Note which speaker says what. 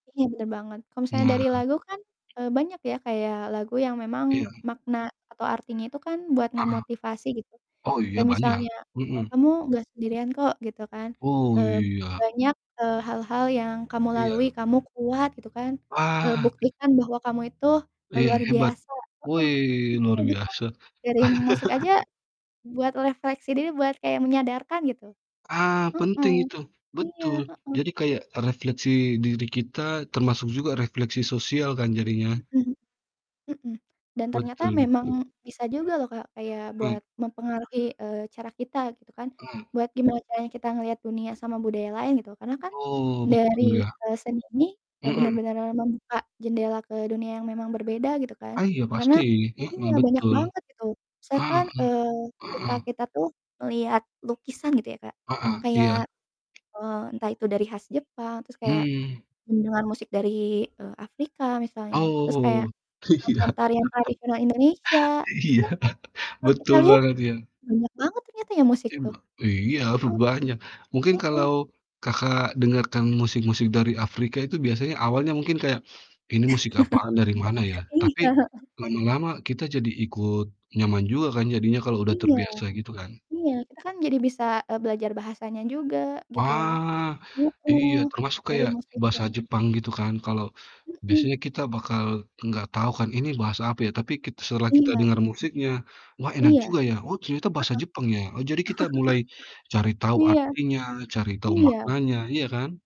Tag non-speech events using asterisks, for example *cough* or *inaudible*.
Speaker 1: Iya bener banget. Kalo misalnya
Speaker 2: Nah.
Speaker 1: dari lagu kan, eee, banyak ya kayak lagu yang memang
Speaker 2: Iya.
Speaker 1: makna atau artinya itu kan buat
Speaker 2: Heeh,
Speaker 1: ngemotivasi gitu,
Speaker 2: oh iya
Speaker 1: kayak
Speaker 2: banyak.
Speaker 1: misalnya, e
Speaker 2: Mhm.
Speaker 1: "Kamu gak sendirian kok, gitu kan,
Speaker 2: Oh,
Speaker 1: eee,
Speaker 2: iya.
Speaker 1: banyak eee, hal-hal yang kamu
Speaker 2: Iya.
Speaker 1: lalui, kamu kuat gitu kan, eee,
Speaker 2: Ah.
Speaker 1: buktikan bahwa kamu itu le
Speaker 2: Iya,
Speaker 1: luar
Speaker 2: hebat.
Speaker 1: biasa." Heeh,
Speaker 2: Wih
Speaker 1: iya
Speaker 2: luar
Speaker 1: gitu,
Speaker 2: biasa.
Speaker 1: dari musik aja,
Speaker 2: *laughs*
Speaker 1: buat refleksi diri buat kayak menyadarkan gitu.
Speaker 2: Ah,
Speaker 1: Mhm,
Speaker 2: penting itu,
Speaker 1: iya,
Speaker 2: betul.
Speaker 1: heeh.
Speaker 2: Jadi kayak refleksi diri kita termasuk juga refleksi sosial kan jadinya.
Speaker 1: Mhm. Mhm, dan ternyata
Speaker 2: Betul
Speaker 1: memang
Speaker 2: betul.
Speaker 1: bisa juga loh Kak, kayak
Speaker 2: Mmm.
Speaker 1: buat mempengaruhi, eee, cara kita gitu kan.
Speaker 2: Mmm.
Speaker 1: Buat gimana caranya kita ngeliat dunia sama budaya lain gitu, karena kan
Speaker 2: Oh, betul
Speaker 1: dari,
Speaker 2: ya.
Speaker 1: eee, seni ini, e
Speaker 2: Mhm.
Speaker 1: bener-bener membuka jendela ke dunia yang memang berbeda gitu kan,
Speaker 2: Iya
Speaker 1: karena
Speaker 2: pasti. Mhm,
Speaker 1: iya, banyak
Speaker 2: betul.
Speaker 1: banget itu.
Speaker 2: Heeh.
Speaker 1: Misalkan, eee, ketika
Speaker 2: Heeh.
Speaker 1: kita tuh ngeliat lukisan gitu ya Kak,
Speaker 2: Heeh,
Speaker 1: kayak,
Speaker 2: iya.
Speaker 1: eee, entah itu dari khas Jepang terus kayak
Speaker 2: Mmm.
Speaker 1: mendengar musik dari, eee, Afrika misalnya, terus kayak
Speaker 2: Oh, iya.
Speaker 1: nonton tarian
Speaker 2: *chuckles*
Speaker 1: tradisional Indonesia.
Speaker 2: Iya,
Speaker 1: Itu kan
Speaker 2: *chuckles*
Speaker 1: terus kita
Speaker 2: betul
Speaker 1: lihat
Speaker 2: banget ya.
Speaker 1: banyak banget ternyata ya musik
Speaker 2: Iya,
Speaker 1: tuh.
Speaker 2: Mbak. Weh iya
Speaker 1: Heeh.
Speaker 2: rupanya, mungkin
Speaker 1: Heeh.
Speaker 2: kalau Kakak, dengarkan musik-musik dari Afrika itu biasanya awalnya mungkin kayak, "Ini musik apaan dari mana
Speaker 1: *chuckles*
Speaker 2: ya?"
Speaker 1: Iya,
Speaker 2: Tapi
Speaker 1: heeh.
Speaker 2: lama-lama kita jadi ikut nyaman juga kan jadinya kalau udah
Speaker 1: Iya.
Speaker 2: terbiasa, gitu kan?
Speaker 1: Iya kita kan jadi bisa, eee, belajar bahasanya juga gitu ya.
Speaker 2: Wah, iya
Speaker 1: Mhm,
Speaker 2: termasuk
Speaker 1: dari
Speaker 2: kayak
Speaker 1: musik
Speaker 2: bahasa
Speaker 1: tuh.
Speaker 2: Jepang gitu kan, kalau
Speaker 1: Mhm.
Speaker 2: biasanya kita bakal gak tahu kan, "Ini bahasa apa ya?" Tapi kit setelah kita
Speaker 1: Iya.
Speaker 2: dengar musiknya, "Wah, enak
Speaker 1: Iya.
Speaker 2: juga ya, oh ternyata
Speaker 1: Heeh.
Speaker 2: bahasa Jepang ya." Oh, jadi kita mulai cari
Speaker 1: *chuckles*
Speaker 2: tahu
Speaker 1: Iya.
Speaker 2: artinya, cari tahu
Speaker 1: Iya.
Speaker 2: maknanya, iya kan?